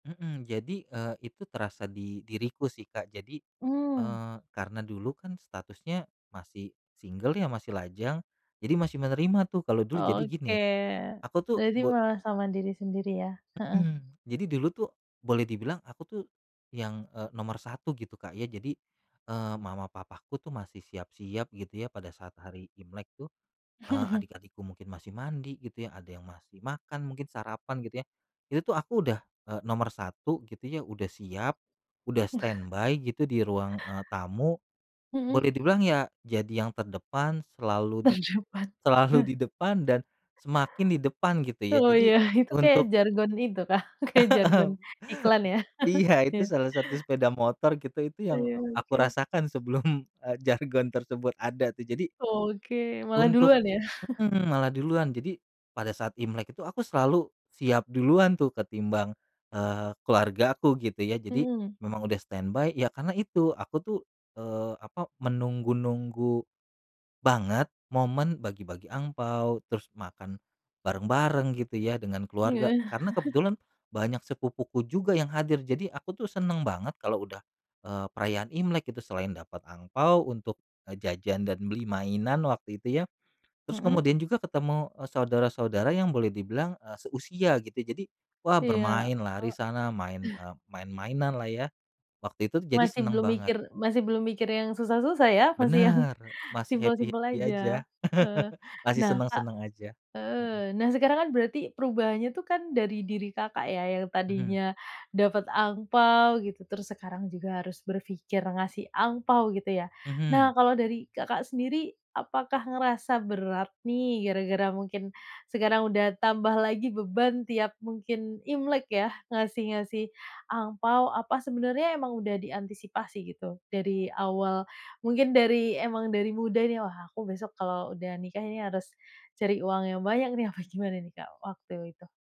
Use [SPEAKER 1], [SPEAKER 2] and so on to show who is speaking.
[SPEAKER 1] Heeh. Jadi, eee, itu terasa di diriku sih, Kak, jadi,
[SPEAKER 2] Oh.
[SPEAKER 1] eee, karena dulu kan statusnya masih single ya, masih lajang, jadi masih menerima tuh, kalau dulu jadi
[SPEAKER 2] Oke.
[SPEAKER 1] gini, aku tuh
[SPEAKER 2] Jadi
[SPEAKER 1] bo
[SPEAKER 2] malah sama diri sendiri, ya? Heeh.
[SPEAKER 1] Hmm, jadi dulu tuh boleh dibilang aku tuh yang, eee, nomor 1 gitu, Kak, ya. Jadi, eee, mama papaku tuh masih siap-siap, gitu ya, pada saat hari Imlek tuh, eee, adik-adikku mungkin masih mandi, gitu ya, ada yang masih makan, mungkin sarapan, gitu ya. Itu tuh aku udah, eee, nomor 1 gitu ya, udah siap, udah stand by, gitu, di ruang, eee, tamu
[SPEAKER 2] Mhm.
[SPEAKER 1] boleh dibilang ya, jadi yang terdepan selalu di
[SPEAKER 2] Terdepan.
[SPEAKER 1] selalu
[SPEAKER 2] Eh.
[SPEAKER 1] di depan dan semakin di depan, gitu ya,
[SPEAKER 2] Oh, iya,
[SPEAKER 1] jadi
[SPEAKER 2] itu kayak
[SPEAKER 1] untuk
[SPEAKER 2] jargon itu kah, kayak
[SPEAKER 1] Heeh,
[SPEAKER 2] jargon iklan, ya?
[SPEAKER 1] iya, itu
[SPEAKER 2] Ya.
[SPEAKER 1] salah satu sepeda motor, gitu, itu
[SPEAKER 2] Oh,
[SPEAKER 1] yang
[SPEAKER 2] ya,
[SPEAKER 1] aku
[SPEAKER 2] oke.
[SPEAKER 1] rasakan sebelum, eee, jargon tersebut ada tuh, jadi
[SPEAKER 2] Oke, malah
[SPEAKER 1] Untuk,
[SPEAKER 2] duluan ya?
[SPEAKER 1] mhm, malah duluan, jadi pada saat Imlek itu aku selalu siap duluan tuh, ketimbang, eee, keluarga aku, gitu ya. Jadi
[SPEAKER 2] Mhm.
[SPEAKER 1] memang udah stand by ya karena itu, aku tuh, eee, apa, menunggu-nunggu banget momen bagi-bagi angpao, terus makan bareng-bareng, gitu ya, dengan
[SPEAKER 2] Iya.
[SPEAKER 1] keluarga, karena kebetulan banyak sepupuku juga yang hadir, jadi aku tuh seneng banget kalau udah, eee, perayaan Imlek itu. Selain dapat angpao untuk jajan dan beli mainan, waktu itu ya, terus
[SPEAKER 2] Mhm.
[SPEAKER 1] kemudian juga ketemu, eee, saudara-saudara yang boleh dibilang, eee, seusia gitu, jadi, wah,
[SPEAKER 2] Iya.
[SPEAKER 1] bermain lari
[SPEAKER 2] O
[SPEAKER 1] sana, main,
[SPEAKER 2] eh.
[SPEAKER 1] eee, mainan lah ya, waktu itu, jadi
[SPEAKER 2] Masih
[SPEAKER 1] seneng
[SPEAKER 2] belum
[SPEAKER 1] banget.
[SPEAKER 2] mikir, masih belum mikir yang susah-susah, ya. Masih yang
[SPEAKER 1] Benar, masih
[SPEAKER 2] simpel-simpel
[SPEAKER 1] happy-happy
[SPEAKER 2] aja.
[SPEAKER 1] aja,
[SPEAKER 2] Heeh.
[SPEAKER 1] masih
[SPEAKER 2] Nah, Kak,
[SPEAKER 1] seneng-seneng aja. Mhm.
[SPEAKER 2] eee, nah, sekarang kan berarti perubahannya itu kan dari diri Kakak, ya. Yang
[SPEAKER 1] Mhm.
[SPEAKER 2] tadinya dapat angpao gitu, terus sekarang juga harus berpikir ngasih angpao, gitu ya.
[SPEAKER 1] Mhm.
[SPEAKER 2] Nah, kalau dari Kakak sendiri, apakah ngerasa berat nih, gara-gara mungkin sekarang udah tambah lagi beban tiap mungkin Imlek ya, ngasih-ngasih angpao. Apa sebenarnya emang udah diantisipasi, gitu, dari awal mungkin dari emang dari muda nih, "Wah, aku besok kalau udah nikah ini, harus cari uang yang banyak nih". Apa gimana nih, Kak, waktu itu?